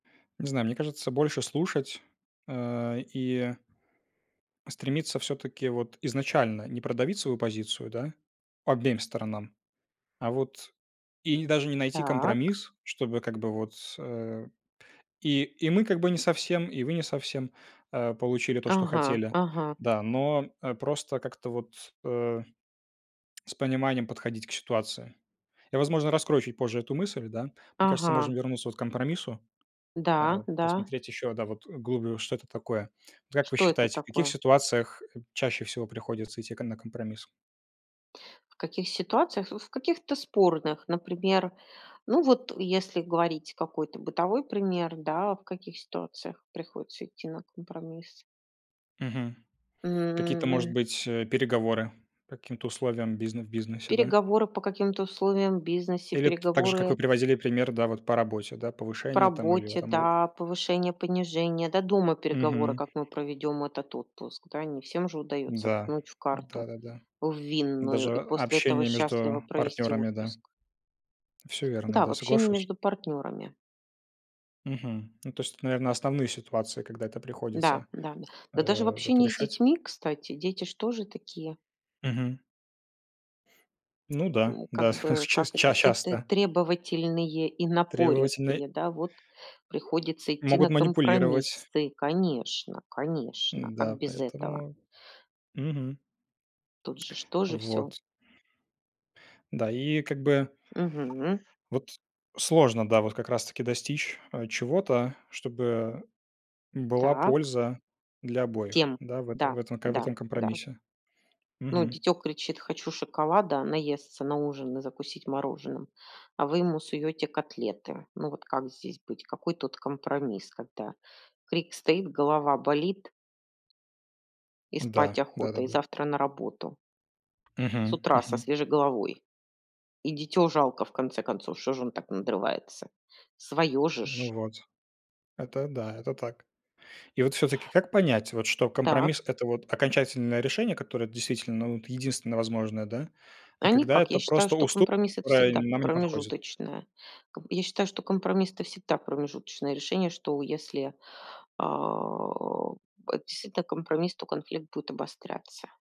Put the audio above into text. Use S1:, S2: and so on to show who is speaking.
S1: Не знаю, мне кажется, больше слушать, э, и стремиться, всё-таки, вот изначально не продавить свою позицию, да, обеим сторонам, а вот И не даже не найти
S2: Так.
S1: компромисс, чтобы как бы вот, с э, и, и мы как бы не совсем, и вы не совсем, э, получили то, что
S2: Ага,
S1: хотели.
S2: ага.
S1: Да, но, э, просто, как-то вот, э, с пониманием подходить к ситуации. Я, возможно, раскрою чуть позже эту мысль, да? Мне кажется,
S2: Ага.
S1: можно вернуться вот к компромиссу, э,
S2: Да,
S1: вот
S2: да.
S1: посмотреть ещё, да, вот, вглубь, что это такое. Вот как вы
S2: Что это
S1: считаете, в каких
S2: такое?
S1: ситуациях чаще всего приходится идти к на компромисс?
S2: В каких ситуациях? Вот в каких-то спорных. Например, ну, вот если говорить какой-то бытовой пример, да, в каких ситуациях приходится идти на компромисс?
S1: Мгм. Какие-то может
S2: М.
S1: быть, э, переговоры? По каким-то условиям бизне в бизнесе, да?
S2: Переговоры по каким-то условиям в бизнесе,
S1: Или т так же, как
S2: переговоры
S1: вы приводили пример, да вот, по работе, да,
S2: по
S1: повышение, там, или
S2: работе,
S1: это мов
S2: да, повышение-понижение. Да дома переговоры,
S1: Мгм.
S2: как мы проведем этот отпуск, да. Не всем же удается
S1: Да.
S2: ткнуть в карту,
S1: Да-да-да.
S2: в винную,
S1: Даже
S2: и
S1: а
S2: после этого
S1: общение
S2: счастливо
S1: между
S2: провести
S1: партнёрами. Да,
S2: отпуск.
S1: всё верно,
S2: Да, в
S1: да,
S2: общении
S1: соглашусь.
S2: между партнерами.
S1: Мгм, ну то есть, это, наверное, основные ситуации, когда это
S2: Да,
S1: приходится,
S2: да. Да даже в
S1: э, вот,
S2: общении с
S1: решать.
S2: детьми, кстати, дети же тоже такие.
S1: Мгм. Ну да,
S2: У, как
S1: да. С
S2: бы,
S1: ча
S2: как это,
S1: ча
S2: тэ тэ
S1: часто.
S2: требовательные и
S1: Требовательный.
S2: напористые, да, вот приходится идти
S1: Могут
S2: на
S1: манипулировать.
S2: компромиссы. Конечно, конечно. Как
S1: Да,
S2: без этого?
S1: поэтому, мгм.
S2: Тут же ж тоже всё.
S1: Вот. Да, и как бы
S2: Мгм.
S1: вот, сложно, да, вот как раз таки достичь, э, чего-то, чтобы была
S2: Так.
S1: польза для обоих,
S2: Тем.
S1: да, в этом,
S2: Да.
S1: в этом ка в
S2: Да.
S1: этом
S2: Да.
S1: компромиссе.
S2: Ну,
S1: Мгм.
S2: дитё кричит: "Хочу шоколада, наесться на ужин и закусить мороженым", а вы ему суёте котлеты. Ну вот как здесь быть? Какой тут компромисс? Когда крик стоит, голова болит и
S1: Да.
S2: спать охота, и
S1: Да-да-да.
S2: завтра на работу. С
S1: Мгм,
S2: утра, со
S1: мгм.
S2: свежей головой. И дитё жалко, в конце концов, что же он так надрывается? Своё же ж.
S1: Ну вот, это да, это так. И вот всё-таки как понять, вот что
S2: Так.
S1: компромисс это вот окончательное решение, которое действительно, вот, единственное возможное, да? А
S2: А
S1: когда
S2: никак. Я
S1: это
S2: считаю,
S1: просто
S2: что
S1: уступ
S2: компромисс- это
S1: которая
S2: всегда
S1: нам не подходит.
S2: промежуточное. Ком я считаю, что компромисс это всегда промежуточное решение. Что если, а, это действительно компромисс, то конфликт будет обостряться.